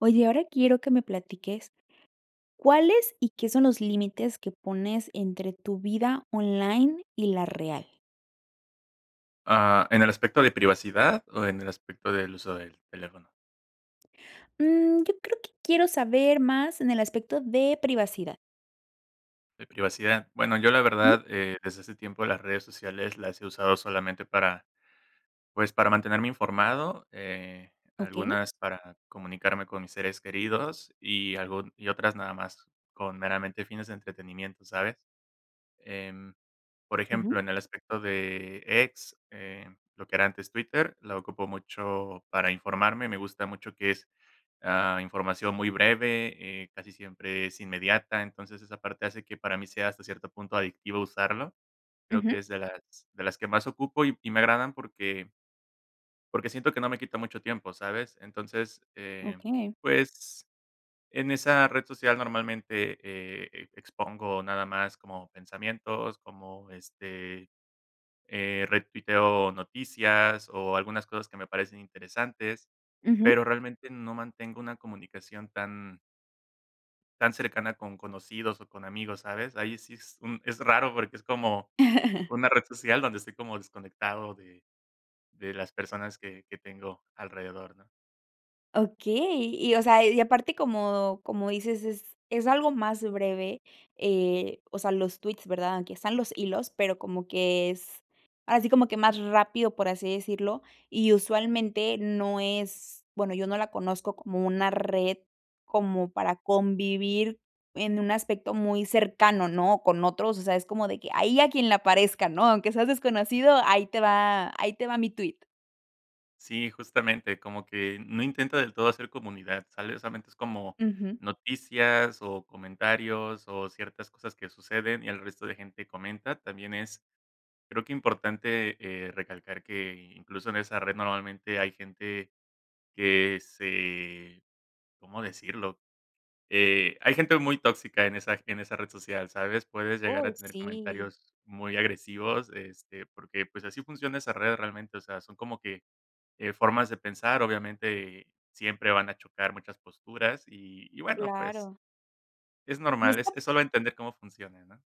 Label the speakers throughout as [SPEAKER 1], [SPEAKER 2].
[SPEAKER 1] Oye, ahora quiero que me platiques, ¿cuáles y qué son los límites que pones, entre tu vida online y la real?
[SPEAKER 2] Ah, ¿en el aspecto de privacidad o en el aspecto del uso del teléfono?
[SPEAKER 1] Mm, yo creo que quiero saber más en el aspecto de privacidad.
[SPEAKER 2] De privacidad. Bueno, yo la
[SPEAKER 1] ¿Mm?
[SPEAKER 2] verdad, eh, desde hace tiempo, las redes sociales las he usado solamente para, pues, para mantenerme informado, eh,
[SPEAKER 1] Okey.
[SPEAKER 2] algunas para comunicarme con mis seres queridos. Y, algún y otras, nada más con, meramente, fines de entretenimiento, ¿sabes?, em, por
[SPEAKER 1] Ujú.
[SPEAKER 2] ejemplo, en el aspecto de, X, eh, lo que era antes Twitter, la ocupo mucho para informarme. Me gusta mucho que es, ah, información muy breve, eh, casi siempre es inmediata. Entonces, esa parte hace que para mí sea, hasta cierto punto, adictivo usarlo. Creo que
[SPEAKER 1] Ujú.
[SPEAKER 2] es de las de las que más ocupo, y y me agradan, porque porque siento que no me quita mucho tiempo, ¿sabes? Entonces, eh,
[SPEAKER 1] Okey.
[SPEAKER 2] pues, en esa red social, normalmente, eh, expongo nada más, como pensamientos, como este, eh, retuiteo noticias, o algunas cosas que me parecen interesantes,
[SPEAKER 1] Ujú.
[SPEAKER 2] pero realmente no mantengo una comunicación tan Tan cercana con conocidos o con amigos, ¿sabes? Ahí sí es un es raro porque es como una red social donde estoy como desconectado de de las personas que que tengo alrededor, ¿no?
[SPEAKER 1] Okey, y o sea, y aparte, como como dices: "Es es algo más breve", eh, o sea, los tweets, ¿verdad? Aunque están los hilos, pero como que es, así como que más rápido, por así decirlo, y usualmente no es bueno, yo no la conozco como una red como para convivir en un aspecto muy cercano, ¿no?, con otros, o sea, es como de que: "Ahí, a quien le parezca", ¿no? "Aunque seas desconocido, ahí te va ahí te va mi tweet".
[SPEAKER 2] Sí, justamente, como que no intenta del todo hacer comunidad, sale, solamente es como,
[SPEAKER 1] Ujú.
[SPEAKER 2] noticias o comentarios o ciertas cosas que suceden y el resto de gente comenta, también es creo que importante recalcar que incluso en esa red normalmente hay gente que se ¿cómo decirlo?, eh, hay gente muy tóxica en esa en esa red social, ¿sabes? Puedes llegar
[SPEAKER 1] Uy,
[SPEAKER 2] a tener
[SPEAKER 1] sí.
[SPEAKER 2] comentarios muy agresivos, este, porque, pues así funciona esa red realmente, o sea, son como que, eh, formas de pensar. Obviamente, siempre van a chocar muchas posturas y y bueno, pues
[SPEAKER 1] Claro.
[SPEAKER 2] es
[SPEAKER 1] Y
[SPEAKER 2] normal. Es
[SPEAKER 1] está
[SPEAKER 2] es sólo entender cómo funciona, ¿no?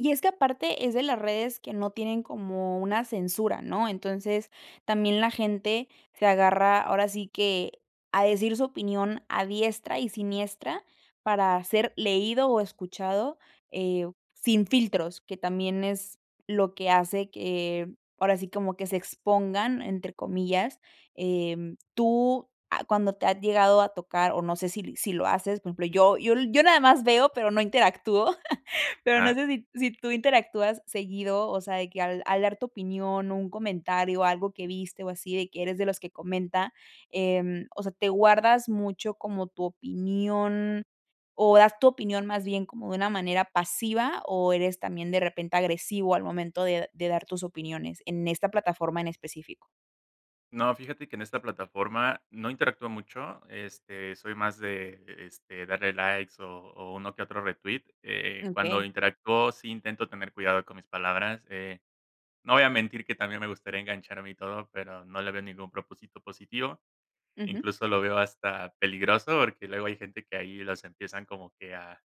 [SPEAKER 1] Y es que aparte es de las redes que no tienen como una censura, ¿no? Entonces también la gente se agarra, ahora sí que a decir su opinión a diestra y siniestra para ser leído o escuchado, eh, sin filtros, que también es lo que hace que ahora sí, como que se "expongan" entre comillas, em, tú ah, ¿cuándo te ha llegado a tocar? O no sé si si lo haces, por ejemplo, yo yo yo nada más veo, pero no interactúo, pero no
[SPEAKER 2] Ajá.
[SPEAKER 1] sé si si tú interactúas seguido, o sea, de que al al dar tu opinión, un comentario o algo que viste, o así, de que eres de los que comenta, em, o sea, te guardas mucho como tu opinión o das tu opinión más bien como de una manera pasiva o eres también de repente agresivo al momento de de dar tus opiniones en esta plataforma en específico.
[SPEAKER 2] No, fíjate que en esta plataforma no interactúo mucho, este, soy más de, este, darle likes o o uno que otro retweet. Eh, cuando
[SPEAKER 1] Okey.
[SPEAKER 2] interactúo, sí intento tener cuidado con mis palabras. Eh, no voy a mentir que también me gustaría engancharme y todo, pero no le veo ningún propósito positivo,
[SPEAKER 1] Ujú.
[SPEAKER 2] incluso lo veo hasta peligroso porque luego hay gente que ahí los empiezan como que a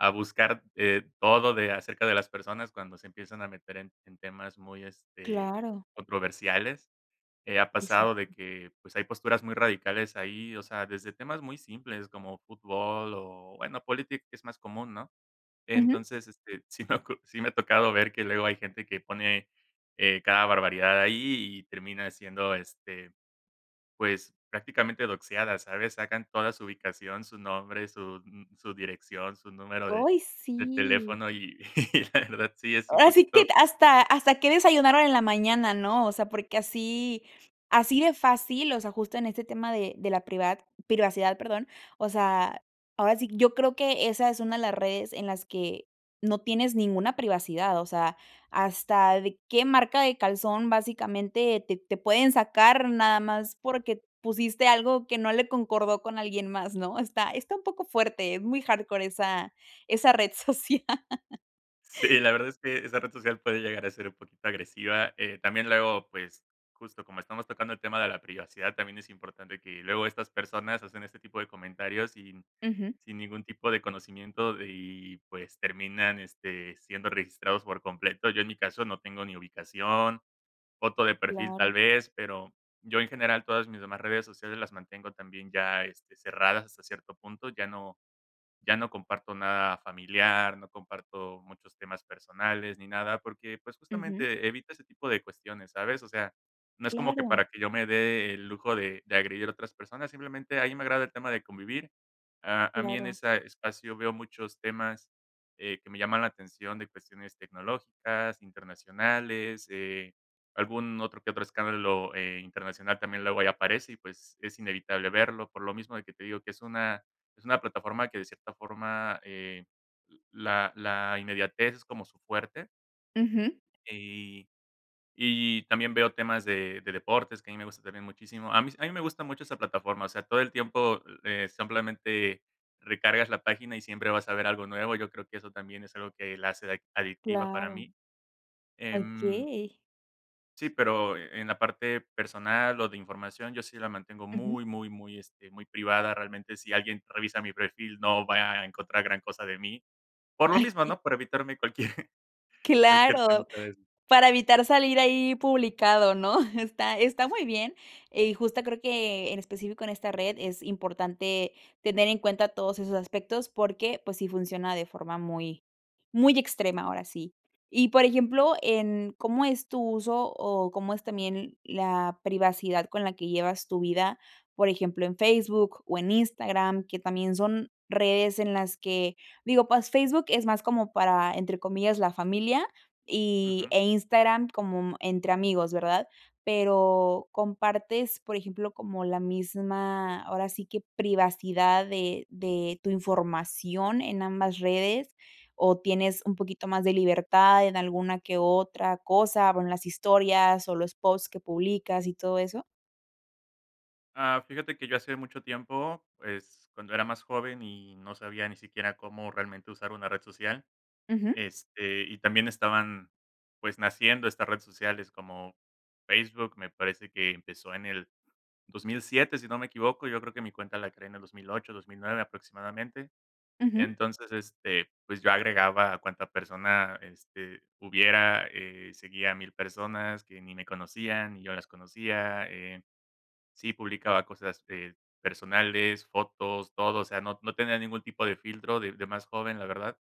[SPEAKER 2] a buscar, eh, todo de acerca de las personas cuando se empiezan a meter en en temas muy, este,
[SPEAKER 1] Claro.
[SPEAKER 2] controversiales, eh, ha pasado de
[SPEAKER 1] Exacto.
[SPEAKER 2] que, pues, hay posturas muy radicales ahí, o sea, desde temas muy simples como fútbol o, bueno, política es más común, ¿no?
[SPEAKER 1] Ujú.
[SPEAKER 2] Entonces, este, sí me ha ocu sí me ha tocado ver que luego hay gente que pone eh, cada barbaridad ahí y termina siendo, este, pues prácticamente boxeada, ¿sabes? Sacan toda su ubicación, su nombre, su, mm, su dirección, su número de
[SPEAKER 1] Oy,
[SPEAKER 2] de
[SPEAKER 1] sí.
[SPEAKER 2] teléfono y la verdad, sí es un
[SPEAKER 1] Ahora sí, que
[SPEAKER 2] poquito
[SPEAKER 1] hasta hasta que desayunaron en la mañana, ¿no? O sea, porque así así de fácil, o sea, justo en este tema de de la privat privacidad. Perdón, o sea, ahora sí, yo creo que esa es una de las redes en las que no tienes ninguna privacidad, o sea, hasta de qué marca de calzón básicamente te te pueden sacar nada más porque pusiste algo que no le concordó con alguien más, ¿no? Está está un poco fuerte. Es muy hardcore esa esa red social.
[SPEAKER 2] Sí, la verdad es que esa red social puede llegar a ser un poquito agresiva. Eh, también luego, pues justo como estamos tocando el tema de la privacidad, también es importante que luego estas personas hacen este tipo de comentarios sin
[SPEAKER 1] Ujú.
[SPEAKER 2] sin ningún tipo de conocimiento y, pues, terminan este, siendo registrados por completo. Yo, en mi caso, no tengo ni ubicación, foto de perfil tal
[SPEAKER 1] Claro.
[SPEAKER 2] vez, pero yo, en general, todas mis demás redes sociales las mantengo también ya este, cerradas hasta cierto punto, ya no ya no comparto nada familiar, no comparto muchos temas personales, ni nada porque, pues,
[SPEAKER 1] Ujú.
[SPEAKER 2] justamente evita ese tipo de cuestiones, ¿sabes? O sea, no es como que
[SPEAKER 1] Claro.
[SPEAKER 2] para que yo me dé el lujo de de agredir a otras personas, simplemente ahí me agrada el tema de convivir, a a mí en
[SPEAKER 1] Claro.
[SPEAKER 2] esa espacio veo muchos temas, eh, que me llaman la atención de cuestiones tecnológicas, internacionales, eh, algún otro que otro escándalo, eh, internacional también luego ahí aparece y, pues, es inevitable verlo, por lo mismo de que te digo que es una es una plataforma que de cierta forma, eh, la la inmediatez es como su fuerte.
[SPEAKER 1] Ujú.
[SPEAKER 2] Y y también veo temas de de deportes, que a mí me gusta también muchísimo. A mí s a mí me gusta mucho esa plataforma, o sea, todo el tiempo, eh, simplemente recargas la página y siempre vas a ver algo nuevo. Yo creo que eso también es algo que la hace ade adictiva para
[SPEAKER 1] Claro.
[SPEAKER 2] mí. Em
[SPEAKER 1] Okey.
[SPEAKER 2] Sí, pero en la parte personal o de información, yo sí la mantengo
[SPEAKER 1] Ujú.
[SPEAKER 2] muy, muy, muy, este, muy privada realmente, si alguien revisa mi perfil, no va a encontrar gran cosa de mí, por lo
[SPEAKER 1] Ay,
[SPEAKER 2] mismo,
[SPEAKER 1] qué.
[SPEAKER 2] ¿no?, por evitarme cualquier cualquier
[SPEAKER 1] Claro,
[SPEAKER 2] temita de eso.
[SPEAKER 1] para evitar salir ahí publicado, ¿no?, está está muy bien y justo creo que, en específico en esta red es importante tener en cuenta todos esos aspectos porque, pues, sí funciona de forma muy muy extrema, ahora sí. Y, por ejemplo, en cómo es tu uso o cómo es también la privacidad con la que llevas tu vida, por ejemplo, en Facebook o en Instagram, que también son redes en las que digo, pues Facebook es más como para, entre comillas, la familia y
[SPEAKER 2] Ujú.
[SPEAKER 1] e Instagram como entre amigos, ¿verdad?, pero compartes, por ejemplo, como la misma ahora sí que privacidad de de tu información en ambas redes, ¿o tienes un poquito más de libertad en alguna que otra cosa, bueno, las historias o los posts que publicas y todo eso?
[SPEAKER 2] Ah, fíjate que yo hacía mucho tiempo, pues, cuando era más joven, y no sabía ni siquiera cómo realmente usar una red social,
[SPEAKER 1] Ujú.
[SPEAKER 2] este, y también estaban, pues, naciendo estas redes sociales como Facebook, me parece que empezó en el 2007 si no me equivoco. Yo creo que mi cuenta la creé en el 2008, 2009 aproximadamente.
[SPEAKER 1] Ujú.
[SPEAKER 2] Entonces, este, pues, yo agregaba a cuánta persona, este, hubiera. Eh, seguía 1000 personas que ni me conocían, ni yo las conocía, eh. Sí publicaba cosas, este, personales, fotos, todo. O sea, no no tenía ningún tipo de filtro, de de más joven, la verdad.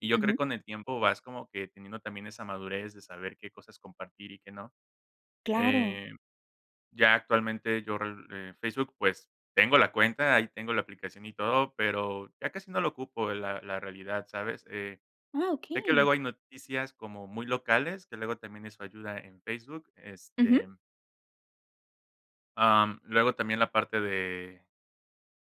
[SPEAKER 2] Y yo creo que
[SPEAKER 1] Ujú.
[SPEAKER 2] con el tiempo, vas como que, teniendo también esa madurez de saber qué cosas compartir y qué no.
[SPEAKER 1] Claro.
[SPEAKER 2] Eh, ya actualmente, yo re eh, Facebook, pues, tengo la cuenta, ahí tengo la aplicación y todo, pero ya casi no lo ocupo, la la realidad, ¿sabes? Eh,
[SPEAKER 1] ¡Ah,
[SPEAKER 2] sé que
[SPEAKER 1] okey!
[SPEAKER 2] luego hay noticias, como muy locales, que luego también eso ayuda en Facebook, este
[SPEAKER 1] Ujú.
[SPEAKER 2] am, luego también la parte de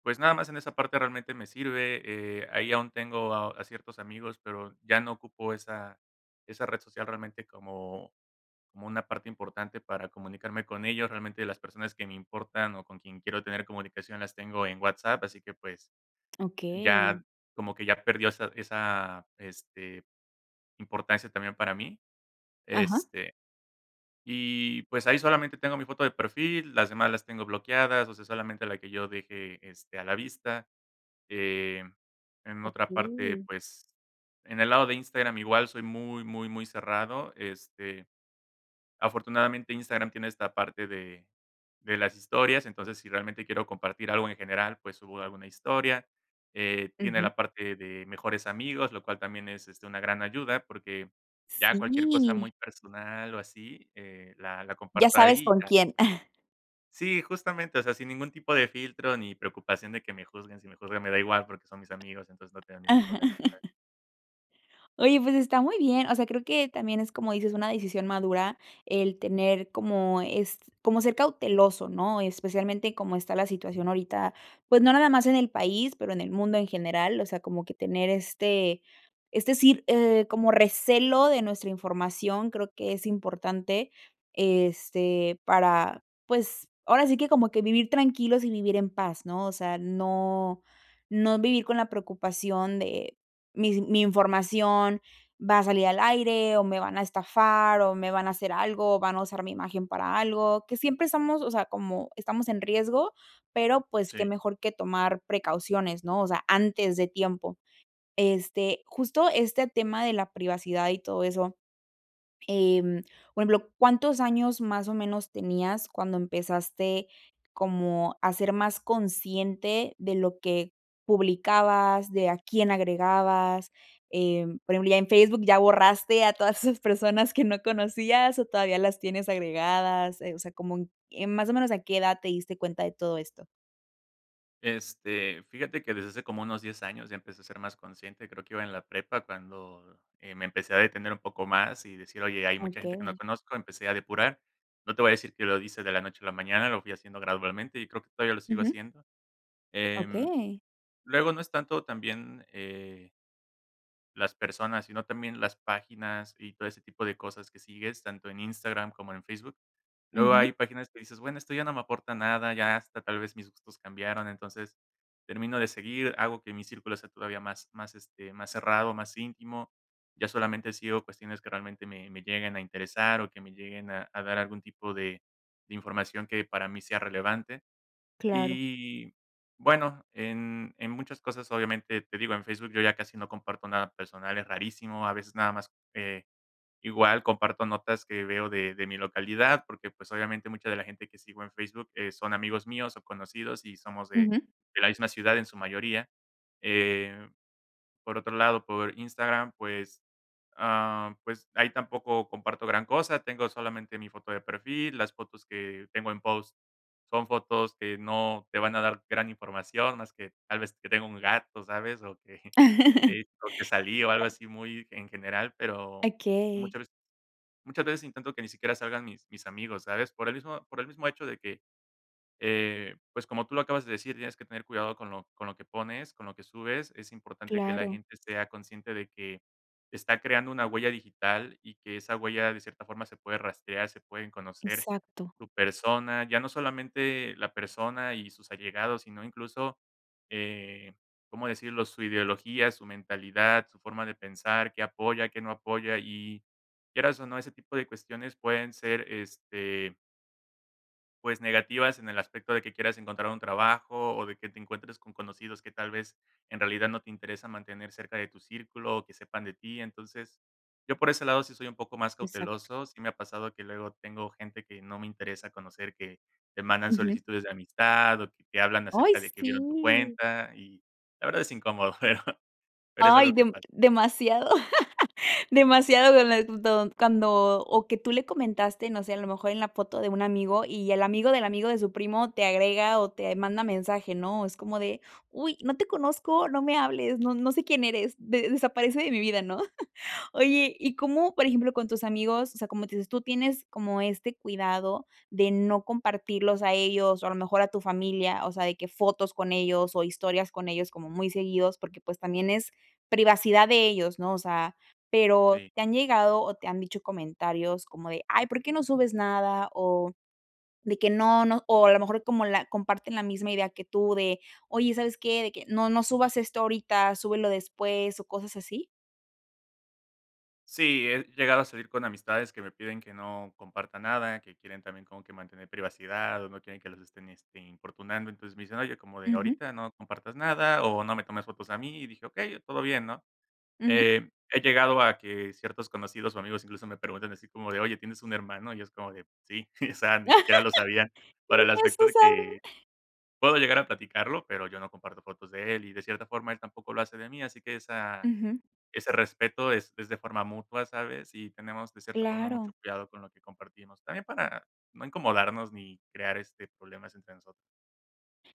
[SPEAKER 2] pues, nada más en esa parte, realmente me sirve, eh. Ahí aún tengo a a ciertos amigos, pero ya no ocupo esa esa red social, realmente como como una parte importante para comunicarme con ellos. Realmente las personas que me importan, o con quien quiero tener comunicación, las tengo en WhatsApp, así que, pues,
[SPEAKER 1] Okey.
[SPEAKER 2] ya como que, ya perdió esa esa, este, importancia también para mí.
[SPEAKER 1] Ajá.
[SPEAKER 2] Este, y pues, ahí solamente tengo mi foto de perfil, las demás las tengo bloqueadas, o sea, solamente la que yo deje, este, a la vista. Eh, en otra parte,
[SPEAKER 1] Okey.
[SPEAKER 2] pues, en el lado de Instagram, igual soy muy, muy, muy cerrado, este. Afortunadamente, Instagram tiene esta parte de de las historias, entonces, si realmente quiero compartir algo en general, pues, subo alguna historia, eh. Tiene
[SPEAKER 1] Ujú.
[SPEAKER 2] la parte de mejores amigos, lo cual también es, este, una gran ayuda, porque ya cualquier cosa
[SPEAKER 1] Sí.
[SPEAKER 2] muy personal o así, eh, la la
[SPEAKER 1] Ya
[SPEAKER 2] comparto
[SPEAKER 1] sabes
[SPEAKER 2] ahí, y
[SPEAKER 1] con
[SPEAKER 2] ya.
[SPEAKER 1] quién.
[SPEAKER 2] Sí, justamente, o sea, sin ningún tipo de filtro ni preocupación de que me juzguen. Si me juzgan, me da igual porque son mis amigos, entonces no tengo ningún problema, ¿sabes?
[SPEAKER 1] Oye, pues está muy bien. O sea, creo que también es como dices una decisión madura el tener como es, como ser cauteloso, ¿no?, especialmente como está la situación ahorita. Pues no nada más en el país, pero en el mundo en general. O sea, como que tener este, es decir, eh, como recelo de nuestra información, creo que es importante este para, pues ahora sí que como que vivir tranquilos y vivir en paz, ¿no?, o sea, no no vivir con la preocupación de mis mi información va a salir al aire o me van a estafar o me van a hacer algo o van a usar mi imagen para algo, que siempre estamos, o sea, como estamos en riesgo, pero pues
[SPEAKER 2] Sí.
[SPEAKER 1] qué mejor que tomar precauciones, ¿no? O sea, antes de tiempo este justo este tema de la privacidad y todo eso. Em, por ejemplo, ¿cuántos años más o menos tenías cuando empezaste como a ser más consciente de lo que publicabas, de a quién agregabas?, em, por ejemplo, en Facebook ¿ya borraste a todas esas personas que no conocías o todavía las tienes agregadas?, eh, o sea, como en en más o menos, ¿a qué edad te diste cuenta de todo esto?
[SPEAKER 2] Este, fíjate que desde hace como unos 10 años ya empecé a ser más consciente, creo que iba en la prepa cuando, eh, me empecé a detener un poco más y decir: "Oye, hay mucha gente que no
[SPEAKER 1] Okey.
[SPEAKER 2] conozco". Empecé a depurar. No te voy a decir que lo hice de la noche a la mañana, lo fui haciendo gradualmente y creo que todavía lo sigo
[SPEAKER 1] Ujú.
[SPEAKER 2] haciendo, em,
[SPEAKER 1] Okey.
[SPEAKER 2] luego, no es tanto, también eh las personas, sino también las páginas y todo ese tipo de cosas que sigues, tanto en Instagram como en Facebook. Luego
[SPEAKER 1] Ujú.
[SPEAKER 2] hay páginas que dices: "Bueno, esto ya no me aporta nada, ya hasta tal vez mis gustos cambiaron". Entonces termino de seguir, hago que mi círculo sea todavía más más, este, más cerrado, más íntimo, ya solamente sigo cuestiones que realmente me me lleguen a interesar o que me lleguen a a dar algún tipo de de información que, para mí sea relevante
[SPEAKER 1] Claro.
[SPEAKER 2] y, bueno, en en muchas cosas obviamente, te digo en Facebook yo ya casi no comparto nada personal, es rarísimo, a veces nada más, eh, igual comparto notas que veo de de mi localidad porque pues obviamente mucha de la gente que sigo en Facebook, eh, son amigos míos o conocidos y somos de
[SPEAKER 1] Ujú.
[SPEAKER 2] de la misma ciudad en su mayoría, eh, por otro lado, por Instagram, pues, ah, pues ahí tampoco comparto gran cosa, tengo solamente mi foto de perfil, las fotos que, tengo en post, son fotos que no te van a dar gran información más que, tal vez que tenga un gato, ¿sabes?, o que, o que salí, o algo
[SPEAKER 1] [unintelligible]
[SPEAKER 2] así muy en general, pero,
[SPEAKER 1] Okey.
[SPEAKER 2] muchas veces muchas veces, intento que ni siquiera salgan mis, mis amigos, ¿sabes? Por el mismo por el mismo hecho de que, eh, pues como tú lo acabas de decir, tienes que tener cuidado con lo con lo que pones, con lo que subes. Es importante que la
[SPEAKER 1] Claro.
[SPEAKER 2] gente sea consciente de que, está creando una huella digital, y que esa huella de cierta forma se puede rastrear, se pueden conocer,
[SPEAKER 1] Exacto.
[SPEAKER 2] tu persona, ya no solamente la persona y sus allegados, sino incluso, eh, ¿cómo decirlo?, su ideología, su mentalidad, su forma de pensar, que apoya, qué no apoya y quieras o no, ese tipo de cuestiones pueden ser este Pues, negativas, en el aspecto de que quieras encontrar un trabajo, o de que te encuentres con conocidos que, tal vez, en realidad, no te interesa mantener cerca de tu círculo o que sepan de ti, entonces, yo por ese lado sí soy un poco más
[SPEAKER 1] Exacto.
[SPEAKER 2] cauteloso, sí me ha pasado que luego tengo gente que no me interesa conocer, que te mandan
[SPEAKER 1] Ujú.
[SPEAKER 2] solicitudes de amistad, o que te hablan
[SPEAKER 1] ¡Ay,
[SPEAKER 2] acerca de que vieron tu
[SPEAKER 1] sí!
[SPEAKER 2] cuenta. Y la verdad es incómodo, pero pero es algo
[SPEAKER 1] Ay,
[SPEAKER 2] que
[SPEAKER 1] de
[SPEAKER 2] pasa.
[SPEAKER 1] demasiado demasiado de lent cuando o que tú le comentaste, no sé, a lo mejor, en la foto de un amigo, y el amigo, del amigo, de su primo, te agrega o te manda mensaje, ¿no? Es como de: "Uy, no te conozco, no me hables, no no sé quién eres, de desaparece de mi vida", ¿no? Oye, ¿y cómo?, por ejemplo, con tus amigos, o sea, como dices, tú tienes como este cuidado de no compartirlos a ellos o, a lo mejor, a tu familia, o sea, de que fotos con ellos, o historias con ellos, como muy seguidos, porque, pues, también es privacidad de ellos, ¿no? O sea, pero,
[SPEAKER 2] Sí.
[SPEAKER 1] ¿te han llegado, o te han dicho comentarios como de: "Ay, ¿por qué no subes nada?", o de que: "No, no", o a lo mejor como la comparten la misma idea que tú de: "Oye, ¿sabes qué?, de que, no, no subas esto ahorita súbelo después", ¿o cosas así?
[SPEAKER 2] Sí, he llegado a salir con amistades que me piden que no comparta nada, que quieren también como que mantener privacidad, o no quieren que los estén, este, importunando. Entonces, me dicen: "Oye". Como de:
[SPEAKER 1] Ujú.
[SPEAKER 2] "Ahorita no compartas nada, o no me tomes fotos a mí", y dije: "Okey, todo bien", ¿no?,
[SPEAKER 1] Ujú.
[SPEAKER 2] eh, he llegado a que ciertos conocidos, o amigos, incluso, me preguntan así como de: "Oye, ¿tienes un hermano?". Y es como de: "Sí". O sea, ni siquiera lo sabían, para el aspecto de que,
[SPEAKER 1] [unintelligible]
[SPEAKER 2] puedo llegar a platicarlo, pero yo no comparto fotos de él. Y de cierta forma, él tampoco lo hace de mí. Así que esa
[SPEAKER 1] Ujú.
[SPEAKER 2] ese respeto es es de forma mutua, ¿sabes? Y tenemos de cierta forma
[SPEAKER 1] Claro.
[SPEAKER 2] mucho cuidado con lo que compartimos también para no incomodarnos ni crear este problemas entre nosotros.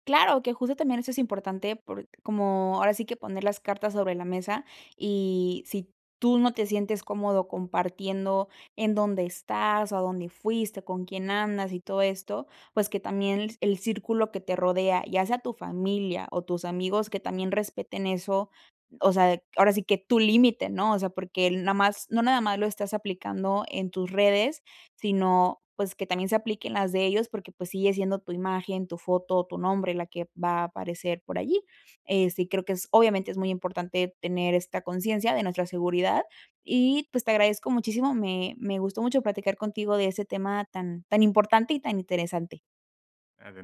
[SPEAKER 1] Claro que, justo, también eso es importante, porque como ahora sí que poner las cartas sobre la mesa, y si tú no te sientes cómodo compartiendo en dónde estás, o a dónde fuiste, con quién andas y todo esto. Pues, que también el círculo que te rodea, ya sea tu familia o tus amigos que también respeten eso. O sea, ahora sí que tu límite, ¿no? O sea, porque el no más no nada más lo estás aplicando en tus redes, sino, pues, que también se aplique en las de ellos, porque pues sigue siendo tu imagen, tu foto, tu nombre, la que va a aparecer por allí. Eh, sí, creo que es, obviamente, es muy importante tener esta conciencia de nuestra seguridad y pues te agradezco muchísimo. Me me gustó mucho platicar contigo de ese tema tan tan importante y tan interesante.
[SPEAKER 2] [unintelligible]